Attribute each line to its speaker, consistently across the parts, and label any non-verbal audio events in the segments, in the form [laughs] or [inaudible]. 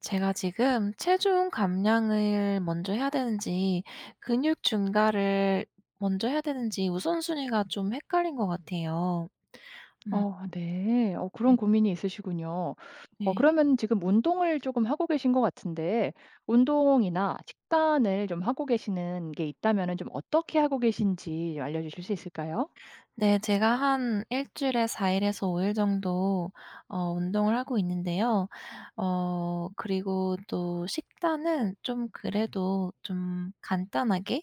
Speaker 1: 제가 지금 체중 감량을 먼저 해야 되는지 근육 증가를 먼저 해야 되는지 우선순위가 좀 헷갈린 것 같아요. 음.
Speaker 2: 어 네. 어
Speaker 1: 네.
Speaker 2: 그런 고민이 있으시군요. 어
Speaker 1: 네.
Speaker 2: 그러면 지금 운동을 조금 하고 계신 것 같은데 운동이나 식단을 좀 하고 계시는 게 있다면은 좀 어떻게 하고 계신지 알려 주실 수 있을까요?
Speaker 1: 네. 제가 한 1 주일에 4 일에서 5 일 정도 어 운동을 하고 있는데요. 어 그리고 또 식단은 좀 그래도 좀 간단하게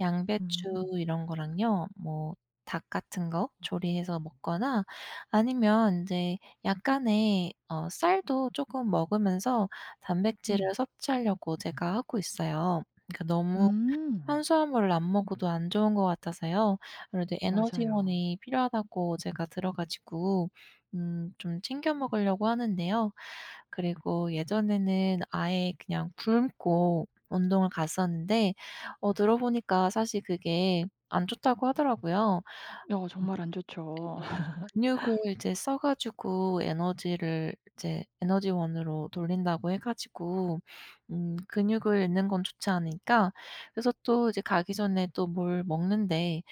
Speaker 1: 양배추
Speaker 2: 음.
Speaker 1: 이런 거랑요. 뭐 닭 같은 거 조리 해서 먹거나 아니면 인제 약간의 어 쌀도 쪼끔 먹으면서 단백질을
Speaker 2: 음.
Speaker 1: 섭취하려고 제가 하고 있어요. 그 너무
Speaker 2: 음.
Speaker 1: 탄수화물을 안 먹어도 안 좋은 것 같아서요. 그래도
Speaker 2: 맞아요.
Speaker 1: 에너지원이 필요하다고 제가 들어 가지고 음 좀 챙겨 먹으려고 하는데요. 그리고 예전에는 아예 그냥 굶고 운동을 갔었는데 어 들어 보니까 사실 그게 안 좋다고 하더라고요.
Speaker 2: 여 정말 안 좋죠.
Speaker 1: 그게 근육을
Speaker 2: [laughs]
Speaker 1: 이제 써 가지고 에너지를 이제 에너지원으로 돌린다고 해 가지고 음 근육을 잃는 건 좋지 않으니까 그래서 또 이제 가기 전에 또 뭘 먹는데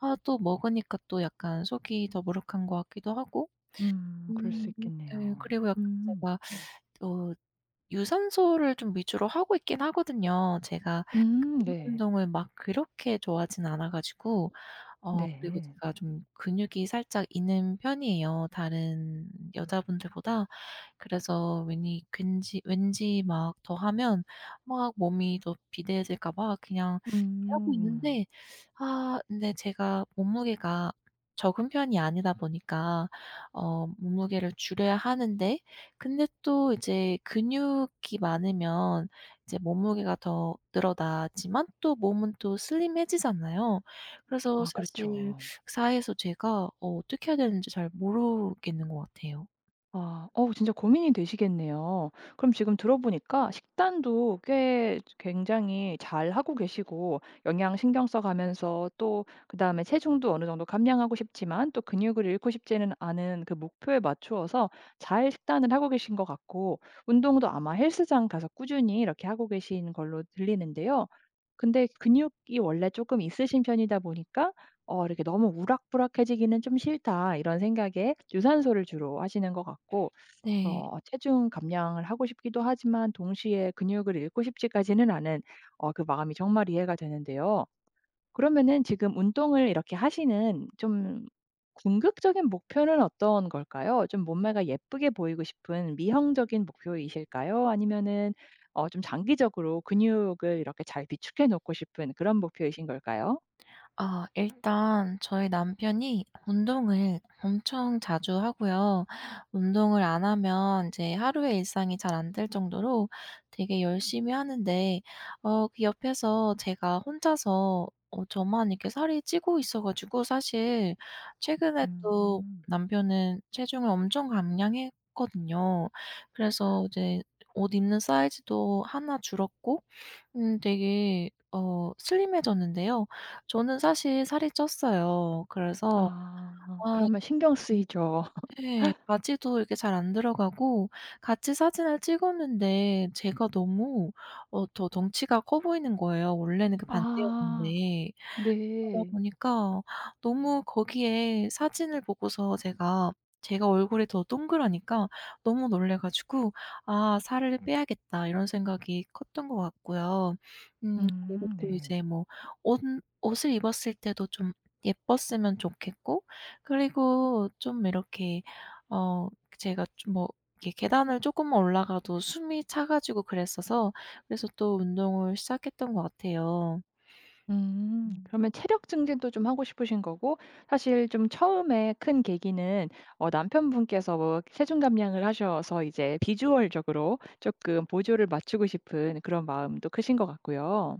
Speaker 1: 아 또 먹으니까 또 약간 속이 더부룩한 것 같기도 하고.
Speaker 2: 음. 그럴 수
Speaker 1: 음. 예.
Speaker 2: 있겠네요.
Speaker 1: 그리고 약간
Speaker 2: 음.
Speaker 1: 제가 [sucks teeth] 또 유산소를 좀 위주로 하고 있긴 하거든요. 제가
Speaker 2: 음.
Speaker 1: 근육
Speaker 2: 네.
Speaker 1: 운동을 막 그렇게 좋아하지는 않아 가지고 어 그리고
Speaker 2: 네.
Speaker 1: 제가 좀 근육이 살짝 있는 편이에요, 다른 여자분들보다. 그래서 왜니 괜지 왠지 막 더 하면 막 몸이 더 비대해질까 봐 그냥 하고
Speaker 2: 음.
Speaker 1: 있는데 아 근데 제가 몸무게가 적은 편이 아니다 보니까 어 몸무게를 줄여야 하는데 근데 또 이제 근육이 많으면 이제 몸무게가 더 늘어나지만 또 몸은 또 슬림해지잖아요.
Speaker 2: [smacks lips]
Speaker 1: 그래서
Speaker 2: 아
Speaker 1: 사실
Speaker 2: 그렇죠.
Speaker 1: [sucks teeth] 사이에서 제가 어 어떻게 해야 되는지 잘 모르겠는 것 같아요.
Speaker 2: 아. 어 진짜 고민이 되시겠네요. 그럼 지금 들어 보니까 식단도 꽤 굉장히 잘 하고 계시고 영양 신경 써 가면서 또 그다음에 체중도 어느 정도 감량하고 싶지만 또 근육을 잃고 싶지는 않은 그 목표에 맞추어서 잘 식단을 하고 계신 것 같고 운동도 아마 헬스장 가서 꾸준히 이렇게 하고 계신 걸로 들리는데요. 근데 근육이 원래 조금 있으신 편이다 보니까 어 이렇게 '너무 우락부락해지기는 좀 싫다.' 이런 생각에 유산소를 주로 하시는 것 같고
Speaker 1: 네.
Speaker 2: 어 체중 감량을 하고 싶기도 하지만 동시에 근육을 잃고 싶지까지는 않은 어 그 마음이 정말 이해가 되는데요. 그러면은 지금 운동을 이렇게 하시는 좀 궁극적인 목표는 어떤 걸까요? 좀 몸매가 예쁘게 보이고 싶은 미형적인 목표이실까요? 아니면은 어 좀 장기적으로 근육을 이렇게 잘 비축해 놓고 싶은 그런 목표이신 걸까요?
Speaker 1: 아. 일단 저희 남편이 운동을 엄청 자주 하고요. 운동을 안 하면 이제 하루의 일상이 잘 안 될 정도로 되게 열심히 하는데 어 그 옆에서 제가 혼자서 어 저만 이렇게 살이 찌고 있어 가지고. 사실 최근에 또
Speaker 2: 음.
Speaker 1: 남편은 체중을 엄청 감량했거든요. 그래서
Speaker 2: [gasps]
Speaker 1: 이제 옷 입는 사이즈도 1 줄었고 음 되게 어 슬림해 졌는데요. 저는 사실 살이 쪘어요. 그래서
Speaker 2: 아.
Speaker 1: 아
Speaker 2: 그러면 신경
Speaker 1: 음
Speaker 2: 쓰이죠.
Speaker 1: 예.
Speaker 2: [laughs]
Speaker 1: 바지도 이렇게 잘 안 들어가고 같이 사진을 찍었는데 제가 너무 어 더 덩치가 커 보이는 거예요, 원래는 그
Speaker 2: 아.
Speaker 1: 반대였는데. 그러다
Speaker 2: 네.
Speaker 1: 보니까 너무 거기에 사진을 보고서 제가, 제가 얼굴이 더 동그라니까 너무 놀라 가지고 '아. 살을 빼야겠다.' 이런 생각이 컸던 것 같고요. 음 그리고
Speaker 2: 음
Speaker 1: 또
Speaker 2: 네.
Speaker 1: 이제 뭐 옷 옷을 입었을 때도 좀 예뻤으면 좋겠고 그리고 좀 이렇게 어 제가 좀 뭐 계 계단을 조금만 올라가도 숨이 차 가지고 그랬어서 그래서 또 운동을 시작했던 것 같아요.
Speaker 2: 음.
Speaker 1: 음.
Speaker 2: 그러면 체력 증진도 좀 하고 싶으신 거고 사실 좀 처음에 큰 계기는 어 남편분께서 뭐 체중 감량을 하셔서 이제 비주얼적으로 쪼끔 보조를 맞추고 싶은 그런 마음도 크신 것 같고요.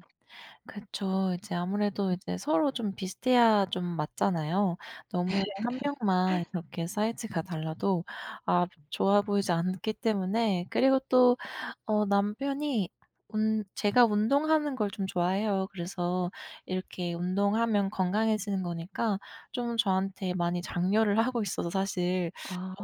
Speaker 1: 그쵸. 이제 아무래도
Speaker 2: 음.
Speaker 1: 이제 서로 좀 비슷해야 좀 맞잖아요. 너무 1 명만
Speaker 2: [laughs]
Speaker 1: 이렇게 사이즈가 달라도 아 좋아 보이지 않기 때문에 그리고 또 어 남편이 운 제가 운동하는 걸 좀 좋아해요. 그래서 이렇게 운동하면 건강해지는 거니까 좀 저한테 많이 장려를 하고 있어서 사실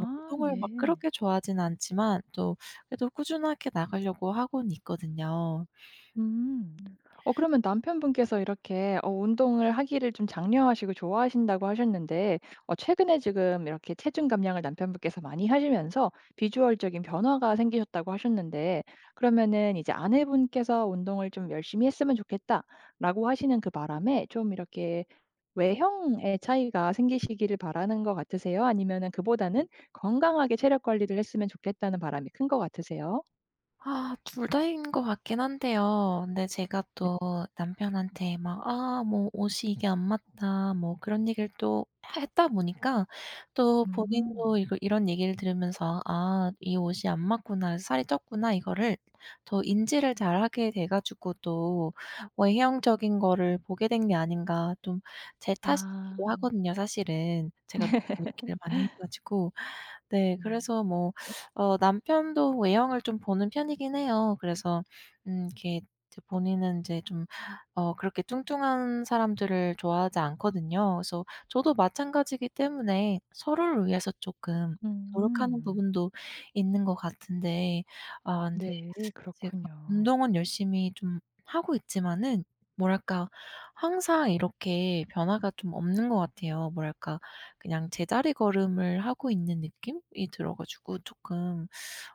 Speaker 1: 어 운동을 막
Speaker 2: 네.
Speaker 1: 그렇게 좋아하진 않지만 또 그래도 꾸준하게 나가려고 하고는 있거든요.
Speaker 2: 음.
Speaker 1: 음.
Speaker 2: 어 그러면 남편분께서 이렇게 어 운동을 하기를 좀 장려하시고 좋아하신다고 하셨는데 어 최근에 지금 이렇게 체중 감량을 남편분께서 많이 하시면서 비주얼적인 변화가 생기셨다고 하셨는데 그러면은 이제 아내분께서 "운동을 좀 열심히 했으면 좋겠다."라고 하시는 그 바람에 좀 이렇게 외형에 차이가 생기시기를 바라는 것 같으세요? 아니면은 그보다는 '건강하게 체력 관리를 했으면 좋겠다'는 바람이 큰 것 같으세요?
Speaker 1: 아 2 다인 것 같긴 한데요. 근데 제가
Speaker 2: 네.
Speaker 1: 또 남편한테 막 "아 뭐 옷이 이게 안 맞다." 뭐 그런 얘기를 또 해 했다 보니까 또 본인도
Speaker 2: 음.
Speaker 1: 이걸 이런 얘기를 들으면서 "아 이 옷이 안 맞구나. 살이 쪘구나." 이거를 더 인지를 잘 하게 돼 가지고 또 외형적인 거를 보게 된 게 아닌가 좀 제
Speaker 2: 아.
Speaker 1: 탓이기도 하거든요 사실은. 제가 너무 얘기를 많이 해
Speaker 2: [laughs]
Speaker 1: 가지고 네.
Speaker 2: 음.
Speaker 1: 그래서 뭐 어 남편도 외형을 좀 보는 편이긴 해요. 그래서 음 이렇게 본인은 인제 좀 어 그렇게 뚱뚱한 사람들을 좋아하지 않거든요. 그래서 저도 마찬가지이기 때문에 서로를 위해서 쪼끔 노력하는
Speaker 2: 음.
Speaker 1: 부분도 있는 것 같은데 아 근데
Speaker 2: 네
Speaker 1: 제가
Speaker 2: 그렇군요.
Speaker 1: 운동은 열심히 좀 하고 있지만은 뭐랄까 항상 이렇게 변화가 좀 없는 것 같아요. 뭐랄까 그냥 제자리걸음을 하고 있는 느낌이 들어 가지고 쪼끔.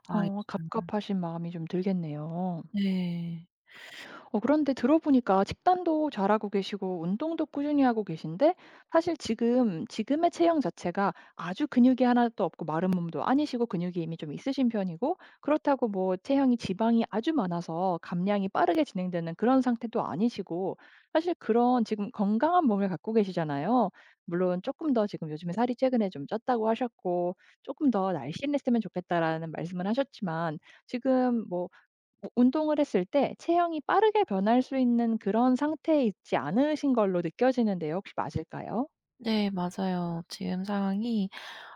Speaker 1: 아 이게
Speaker 2: 어
Speaker 1: 좀
Speaker 2: 갑갑하신 마음이 좀 들겠네요.
Speaker 1: 네.
Speaker 2: 어 그런데 들어보니까 식단도 잘하고 계시고 운동도 꾸준히 하고 계신데 사실 지금, 지금의 체형 자체가 아주 근육이 하나도 없고 마른 몸도 아니시고 근육이 이미 좀 있으신 편이고 그렇다고 뭐 체형이 지방이 아주 많아서 감량이 빠르게 진행되는 그런 상태도 아니시고 사실 그런 지금 건강한 몸을 갖고 계시잖아요. 물론 "쪼끔 더 지금 요즘에 살이 최근에 좀 쪘다."고 하셨고 "쪼끔 더 날씬했으면 좋겠다."라는 말씀을 하셨지만 지금 뭐 우 운동을 했을 때 체형이 빠르게 변할 수 있는 그런 상태에 있지 않으신 걸로 느껴지는데요. 혹시 맞을까요?
Speaker 1: 네 맞아요. 지금 상황이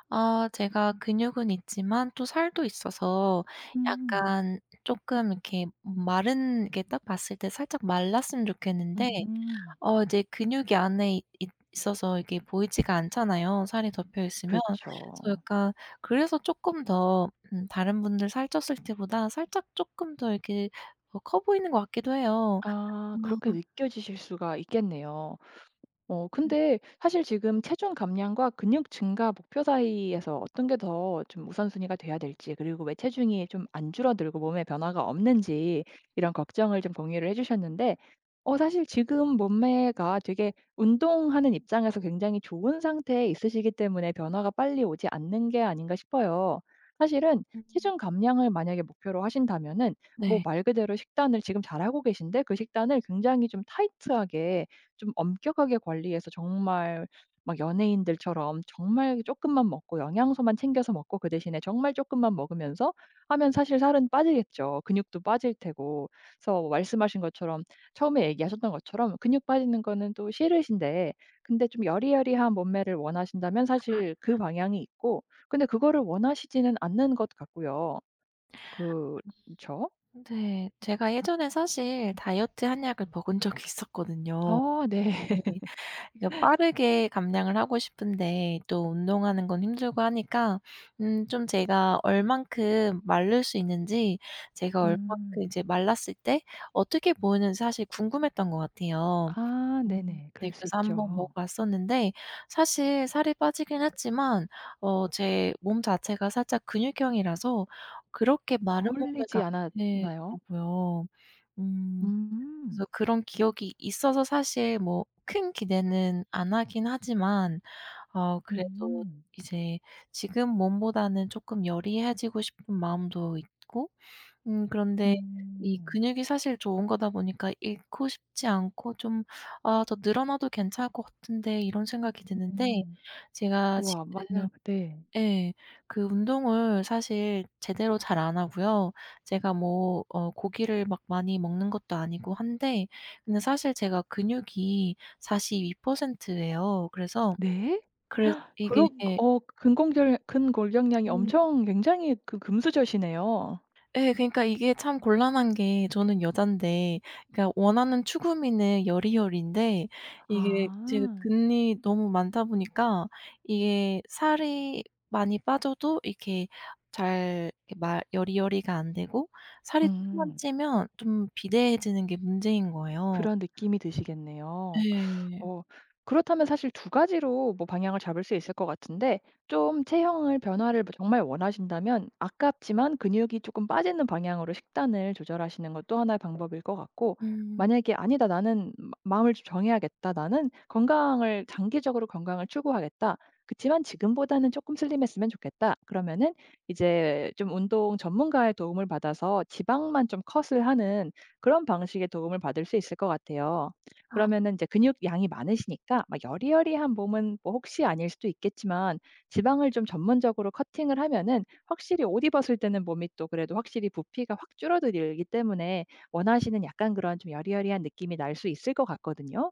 Speaker 1: 아 제가 근육은 있지만 또 살도 있어서
Speaker 2: 음.
Speaker 1: 약간 쪼끔 이렇게 마른 이렇게 딱 봤을 때 살짝 말랐으면 좋겠는데
Speaker 2: 음.
Speaker 1: 어 이제 근육이 안에 있어서 이게 보이지가 않잖아요 살이 덮여 있으면. 그래서
Speaker 2: 그렇죠.
Speaker 1: 약간 그래서 쪼끔 더 음 다른 분들 살쪘을 때보다 살짝 쪼끔 더 이렇게 어 커 보이는 것 같기도 해요.
Speaker 2: 아. 그렇게
Speaker 1: 아.
Speaker 2: 느껴지실 수가 있겠네요. 어
Speaker 1: 음.
Speaker 2: 근데 사실 지금 체중 감량과 근육 증가 목표 사이에서 어떤 게 더 좀 우선순위가 돼야 될지 그리고 왜 체중이 좀 안 줄어들고 몸에 변화가 없는지 이런 걱정을 좀 공유를 해 주셨는데 어 사실 지금 몸매가 되게 운동하는 입장에서 굉장히 좋은 상태에 있으시기 때문에 변화가 빨리 오지 않는 게 아닌가 싶어요. 사실은
Speaker 1: 음.
Speaker 2: 체중 감량을 만약에 목표로 하신다면은 뭐
Speaker 1: 네.
Speaker 2: 말 그대로 식단을 지금 잘하고 계신데 그 식단을 굉장히 좀 타이트하게 좀 엄격하게 관리해서 정말 막 연예인들처럼 정말 쪼끔만 먹고 영양소만 챙겨서 먹고 그 대신에 정말 쪼끔만 먹으면서 하면 사실 살은 빠지겠죠. 근육도 빠질 테고. 그래서 말씀하신 것처럼 처음에 얘기하셨던 것처럼 근육 빠지는 거는 또 싫으신데 근데 좀 여리여리한 몸매를 원하신다면
Speaker 1: 아.
Speaker 2: 사실 그 방향이 있고 근데 그거를 원하시지는 않는 것 같고요. 그쵸?
Speaker 1: 네. 제가 예전에 사실 다이어트 한약을 먹은 적이 있었거든요.
Speaker 2: 어 네.
Speaker 1: 네. 그러니까
Speaker 2: [laughs]
Speaker 1: 빠르게 감량을 하고 싶은데 또 운동하는 건 힘들고 하니까 음 좀 제가 얼만큼 마를 수 있는지 제가 얼만큼
Speaker 2: 음.
Speaker 1: 이제 말랐을 때 어떻게 보이는지 사실 궁금했던 것 같아요.
Speaker 2: 아.
Speaker 1: 음
Speaker 2: 네네.
Speaker 1: 네.
Speaker 2: 그럴 수
Speaker 1: 그래서 1 번 먹어
Speaker 2: 있죠.
Speaker 1: 봤었는데 사실 살이 빠지긴 했지만 어 제 몸 자체가 살짝 근육형이라서 그렇게
Speaker 2: 어
Speaker 1: 마른 몸매가
Speaker 2: 홀리지
Speaker 1: 안
Speaker 2: 않았나요?
Speaker 1: 되더라고요. 음
Speaker 2: 음.
Speaker 1: 그래서 그런 기억이 있어서 사실 뭐 큰 기대는 안 하긴 하지만 아 그래도
Speaker 2: 음.
Speaker 1: 이제 지금 몸보다는 쪼끔 여리해지고 싶은 마음도 있고 음 그런데 이
Speaker 2: 음.
Speaker 1: 근육이 사실 좋은 거다 보니까 잃고 싶지 않고 좀 '아. 더 늘어나도 괜찮을 것 같은데.' 이런 생각이 드는데
Speaker 2: 음.
Speaker 1: 제가
Speaker 2: 우와
Speaker 1: 지금
Speaker 2: 만약 네.
Speaker 1: 예. 그 운동을 사실 제대로 잘 안 하고요. 제가 뭐 어 고기를 막 많이 먹는 것도 아니고 한데 근데 사실 제가 근육이 42% 예요. 그래서
Speaker 2: 네?
Speaker 1: 그래
Speaker 2: [gasps]
Speaker 1: 이게
Speaker 2: 그런 어 근공결 근골격량이
Speaker 1: 음.
Speaker 2: 엄청 굉장히 그 금수저시네요.
Speaker 1: 예. 그러니까 이게 참 곤란한 게 저는 여잔데 그냥 원하는 추구미는 여리여리인데 이게 제가
Speaker 2: 아.
Speaker 1: 근이 너무 많다 보니까 이게 살이 많이 빠져도 이렇게 잘 말 여리여리가 안 되고 살이 조금만
Speaker 2: 음.
Speaker 1: 찌면 좀 비대해지는 게 문제인 거예요.
Speaker 2: 그런 느낌이 드시겠네요.
Speaker 1: 예.
Speaker 2: 어 그렇다면 사실 2 가지로 뭐 방향을 잡을 수 있을 거 같은데 좀 체형을 변화를 뭐 정말 원하신다면 아깝지만 근육이 쪼끔 빠지는 방향으로 식단을 조절하시는 것도 1 의 방법일 것 같고
Speaker 1: 음.
Speaker 2: 만약에 "아니다. 나는 마 마음을 좀 정해야겠다. 나는 건강을 장기적으로 건강을 추구하겠다. 그렇지만 지금보다는 쪼끔 슬림 했으면 좋겠다." 그러면은 이제 좀 운동 전문가의 도움을 받아서 지방만 좀 cut을 하는 그런 방식의 도움을 받을 수 있을 거 같아요.
Speaker 1: 아.
Speaker 2: 그러면은 이제 근육량이 많으시니까 막 여리여리한 몸은 뭐 혹시 아닐 수도 있겠지만 지방을 좀 전문적으로 cutting을 하면은 확실히 옷 입었을 때는 몸이 또 그래도 확실히 부피가 확 줄어들이기 때문에 원하시는 약간 그런 좀 여리여리한 느낌이 날 수 있을 거 같거든요.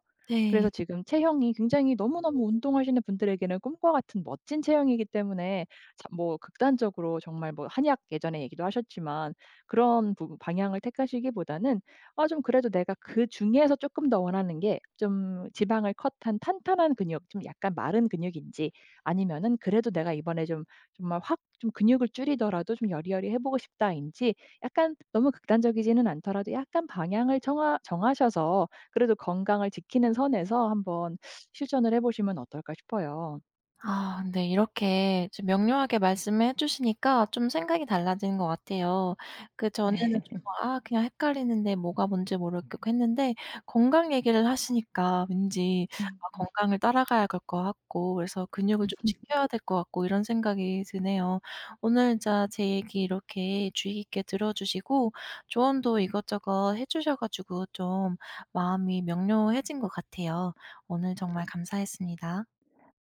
Speaker 2: 그래서
Speaker 1: 네.
Speaker 2: 지금 체형이 굉장히 너무너무 운동하시는 분들에게는 꿈과 같은 멋진 체형이기 때문에 자 뭐 극단적 적으로 정말 뭐 한약 예전에 얘기도 하셨지만 그런 부분 방향을 택하시기보다는 아 좀 그래도 내가 그중에서 쪼끔 더 원하는 게 좀 지방을 cut한 탄탄한 근육 좀 약간 마른 근육인지 아니면은 '그래도 내가 이번에 좀 정말 확 좀 근육을 줄이더라도 좀 여리여리해 보고 싶다.'인지 약간 너무 극단적이지는 않더라도 약간 방향을 정하 정하셔서 그래도 건강을 지키는 선에서 한번 실천을 해 보시면 어떨까 싶어요.
Speaker 1: 아 근데 이렇게 좀 명료하게 말씀해 주시니까 좀 생각이 달라지는 것 같아요. 그전에는
Speaker 2: 네.
Speaker 1: 좀
Speaker 2: [laughs]
Speaker 1: 아 그냥 헷갈리는데 뭐가 뭔지 모르겠고 했는데 건강 얘기를 하시니까 왠지
Speaker 2: 음.
Speaker 1: 아 건강을 따라가야 갈 것 같고 그래서 근육을 좀
Speaker 2: [laughs]
Speaker 1: 지켜야 될 것 같고 이런 생각이 드네요. 오늘 진짜 제 얘기 이렇게 주의 깊게 들어 주시고 조언도 이것저것 해 주셔 가지고 좀 마음이 명료해진 것 같아요. 오늘 정말 감사했습니다.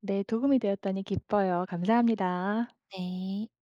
Speaker 2: 네. 도움이 되었다니 기뻐요. 감사합니다.
Speaker 1: 네.